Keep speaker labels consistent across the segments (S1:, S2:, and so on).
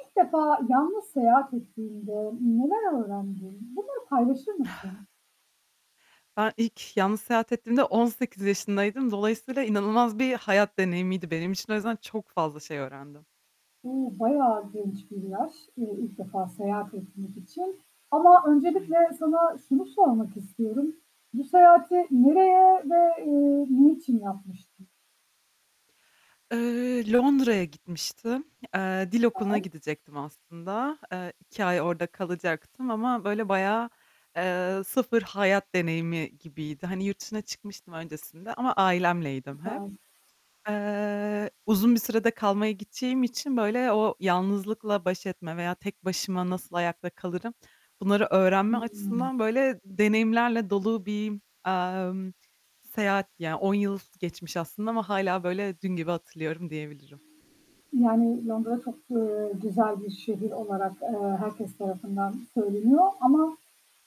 S1: İlk defa yalnız seyahat ettiğinde neler öğrendin? Bunları paylaşır mısın?
S2: Ben ilk yalnız seyahat ettiğimde 18 yaşındaydım. Dolayısıyla inanılmaz bir hayat deneyimiydi benim için. O yüzden çok fazla şey öğrendim.
S1: Uuu, bayağı geniş bir yaş ilk defa seyahat etmek için ama
S2: Ay!
S1: öncelikle sana şunu sormak istiyorum. Bu seyahati nereye ve, eee, niçin yapmıştın?
S2: Eee, Londra'ya gitmiştim. Eee, dil okuluna
S1: Güzel.
S2: gidecektim aslında. Eee, 2 ay orada kalacaktım ama böyle bayağı, eee, sıfır hayat deneyimi gibiydi. Hani yurt dışına çıkmıştım öncesinde ama ailemleydim hep.
S1: Süper.
S2: Eee, uzun bir sürede kalmaya gideceğim için böyle o yalnızlıkla baş etme veya tek başıma nasıl ayakta kalırım bunları öğrenme
S1: Hıı.
S2: açısından böyle deneyimlerle dolu bir, emm, seyahat, yani, 10 yıl geçmiş aslında ama hâlâ böyle dün gibi hatırlıyorum diyebilirim.
S1: Yani, Londra çok, eee, güzel bir şehir olarak, eee, herkes tarafından söyleniyor ama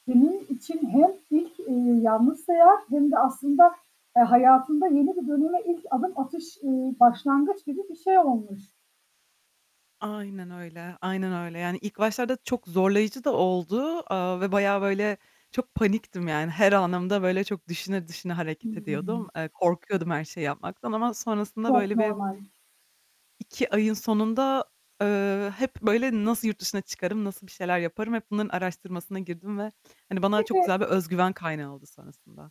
S1: senin için hem ilk, eee, yalnız sayehat hem de aslında, eee, hayatında yeni bir döneme ilk adım atış, eee, başlangıç gibi bir şey olmuş.
S2: Aynen öyle, aynen öyle. Yani, ilk başlarda çok zorlayıcı da oldu, eee, ve bayağı böyle çok paniktim yani, her anımda böyle çok düşüne düşüne hareket ediyordum.
S1: Hıı.
S2: Eee, korkuyordum her şeyi yapmaktan ama sonrasında
S1: Çok
S2: böyle bir
S1: normal.
S2: 2 ayın sonunda, eee, hep böyle nasıl yurt dışına çıkarım, nasıl bir şeyler yaparım, hep bunların araştırmasına girdim ve, hani, bana çok güzel
S1: Peki
S2: bir özgüven kaynağı oldu sonrasında.